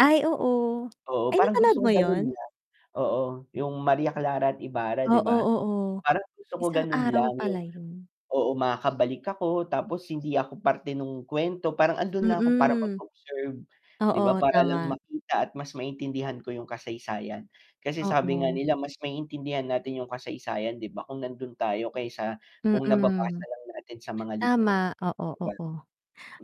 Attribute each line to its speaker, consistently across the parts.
Speaker 1: Ay, oo.
Speaker 2: Oo,
Speaker 1: Ay,
Speaker 2: parang
Speaker 1: napanood
Speaker 2: gusto ko
Speaker 1: mo
Speaker 2: ganun
Speaker 1: ‘yon?
Speaker 2: lang. Oo, yung Maria Clara at Ibarra 'di
Speaker 1: Oo,
Speaker 2: ba?
Speaker 1: oo.
Speaker 2: Parang gusto ko
Speaker 1: Isang
Speaker 2: ganun
Speaker 1: aral
Speaker 2: lang
Speaker 1: pala
Speaker 2: yung
Speaker 1: ‘yon.
Speaker 2: oo makakabalik ako, tapos hindi ako parte nung kuwento, parang andun lang ako para
Speaker 1: Mm.
Speaker 2: mag-observe, 'di ba
Speaker 1: Oo,
Speaker 2: para lang
Speaker 1: tama.
Speaker 2: makita at mas maintindihan ko yung kasaysayan. Kasi sabi nga
Speaker 1: Oo.
Speaker 2: nila mas maiintindihan natin yung kasaysayan 'di ba, kung nandun tayo kaysa kung
Speaker 1: Mm.
Speaker 2: nababasa lang natin sa mga libro,
Speaker 1: Tama, oo,
Speaker 2: 'di ba.
Speaker 1: oo.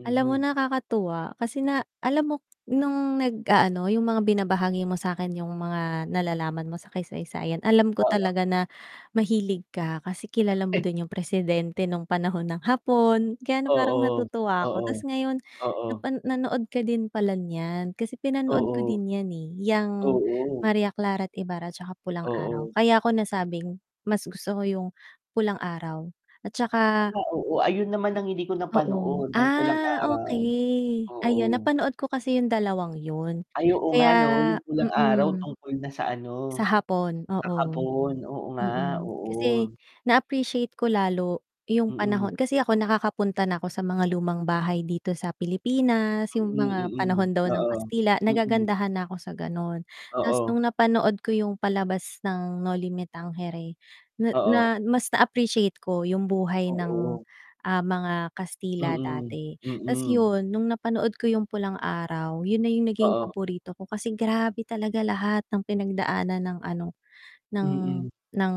Speaker 1: Alam mo nakakatuwa, kasi na alam mo nung nag-aano, yung mga binabahagi mo sa'kin yung
Speaker 2: Mm.
Speaker 1: mga nalalaman mo sa kaysaysayan, alam ko
Speaker 2: Oo.
Speaker 1: talaga na mahilig ka kasi kilala mo din yung presidente nung panahon ng Hapon, kaya ano parang
Speaker 2: Oo.
Speaker 1: natutuwa ako,
Speaker 2: Oo.
Speaker 1: ta's ngayon
Speaker 2: Oo.
Speaker 1: napa nanood ka din pala niyan, kasi pinanood ko
Speaker 2: Oo.
Speaker 1: din yan, eh, yang
Speaker 2: Oo.
Speaker 1: Maria Clara at Ibarra, tsaka Pulang Araw,
Speaker 2: Oo.
Speaker 1: kaya ko nasabing mas gusto ko yung Pulang Araw at
Speaker 2: Ah,
Speaker 1: tsaka
Speaker 2: oo. Ayun naman ang hindi ko
Speaker 1: oo,
Speaker 2: napanood yung Pulang
Speaker 1: ah,
Speaker 2: Araw.
Speaker 1: okey. Ayun,
Speaker 2: Oo.
Speaker 1: napanood ko kasi yung dalawang yun,
Speaker 2: Ay oo nga 'no,
Speaker 1: kaya
Speaker 2: yung Pulang Araw
Speaker 1: mm.
Speaker 2: tungkol na sa
Speaker 1: Sa
Speaker 2: ano
Speaker 1: hapon,
Speaker 2: sa
Speaker 1: oo.
Speaker 2: Hapon. Oo nga,
Speaker 1: Mm, kasi
Speaker 2: oo.
Speaker 1: na-appreciate ko lalo yung
Speaker 2: Mm.
Speaker 1: panahon kasi ako nakakapunta na ako sa mga lumang bahay dito sa Pilipinas, yung
Speaker 2: Mm,
Speaker 1: mga
Speaker 2: mm.
Speaker 1: panahon daw ng
Speaker 2: Oo.
Speaker 1: Kastila,
Speaker 2: Mm.
Speaker 1: nagagandahan na ako sa gano’n. Ta's nung
Speaker 2: Oo.
Speaker 1: napanood ko yung palabas ng Noli Me Tangere, na na
Speaker 2: Oo.
Speaker 1: mas na-appreciate ko yung buhay ng,
Speaker 2: Oo.
Speaker 1: ah, mga Kastila
Speaker 2: Mm,
Speaker 1: dati. Ta’s
Speaker 2: mm.
Speaker 1: yun, nung napanood ko yung Pulang Araw, yun na yung naging
Speaker 2: Oo.
Speaker 1: paborito ko kasi grabe talaga lahat ng pinagdaanan ng ano, ng
Speaker 2: Mhm.
Speaker 1: ng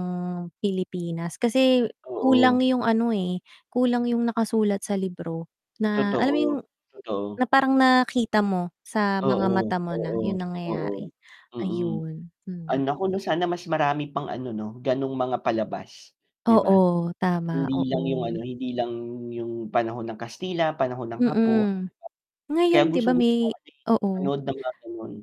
Speaker 1: Pilipinas kasi kulang
Speaker 2: Oo.
Speaker 1: yung ano, eh, kulang yung nakasulat sa libro, na alam mo yung
Speaker 2: Totoo, totoo.
Speaker 1: na parang nakita mo sa mga
Speaker 2: Oo,
Speaker 1: mata mo na
Speaker 2: oo,
Speaker 1: yung
Speaker 2: oo,
Speaker 1: nangyayari.
Speaker 2: mm.
Speaker 1: Ayun,
Speaker 2: Ah,
Speaker 1: hmm.
Speaker 2: nako ‘no, sana mas marami pang ano 'no, gano’ng mga palabas, 'di ba.
Speaker 1: Oo, tama,
Speaker 2: Hindi lang yung ano,
Speaker 1: oo.
Speaker 2: hindi lang yung panahon ng Kastila, panahon ng Hapon, ’di ba.
Speaker 1: Mm,
Speaker 2: Kaya
Speaker 1: ngayon 'di ba
Speaker 2: gustong-gusto ko
Speaker 1: may
Speaker 2: kasi
Speaker 1: oo.
Speaker 2: manood ng mga gano’n.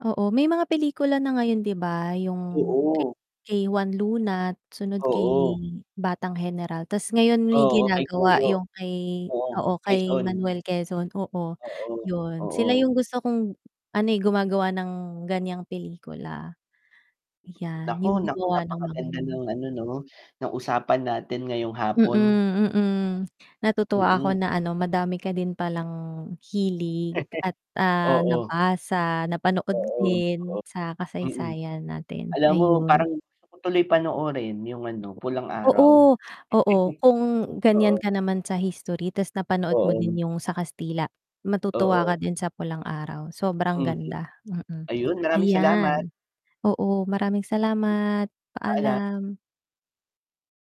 Speaker 1: Oo. May mga pelikula na ngayon 'di ba, yung kay
Speaker 2: Oo.
Speaker 1: kay Juan Luna, sunod kay
Speaker 2: Oo.
Speaker 1: Batang Heneral, ta's ngayon may
Speaker 2: Oo, kay
Speaker 1: ginagawa
Speaker 2: Goyo.
Speaker 1: yung kay
Speaker 2: Oo,
Speaker 1: oo, kay
Speaker 2: Quezon.
Speaker 1: Manuel Quezon. Oo,
Speaker 2: Oo,
Speaker 1: ‘yon. Sila
Speaker 2: oo.
Speaker 1: yung gusto kong ano, eh, gumagawa ng ganiyang pelikula. Yan,
Speaker 2: Naku,
Speaker 1: yung
Speaker 2: naku,
Speaker 1: gumawa ng mga
Speaker 2: napakaganda
Speaker 1: yun.
Speaker 2: ng ano 'no, ng usapan natin ngayong
Speaker 1: Mm,
Speaker 2: hapon.
Speaker 1: mm. Natutuwa ako
Speaker 2: Mm.
Speaker 1: na ano madami ka din palang hilig, at, ah,
Speaker 2: Oo.
Speaker 1: nabasa, napanood
Speaker 2: Oo,
Speaker 1: din, sa
Speaker 2: oo. Mm.
Speaker 1: kasaysayan natin,
Speaker 2: Alam mo
Speaker 1: ayun.
Speaker 2: parang gusto ko tuloy panoorin yung ano, Pulang Araw.
Speaker 1: Oo, oo. Kung ganiyan
Speaker 2: Oo.
Speaker 1: ka naman sa history ta's napanood mo
Speaker 2: Oo.
Speaker 1: din yung sa Kastila, matutuwa
Speaker 2: Oo.
Speaker 1: ka din sa Pulang Araw. Sobrang
Speaker 2: Mhm.
Speaker 1: ganda, mm.
Speaker 2: Ayun, maraming salamat.
Speaker 1: Ayan, oo maraming
Speaker 2: Mhm.
Speaker 1: salamat,
Speaker 2: Paalam.
Speaker 1: paalam.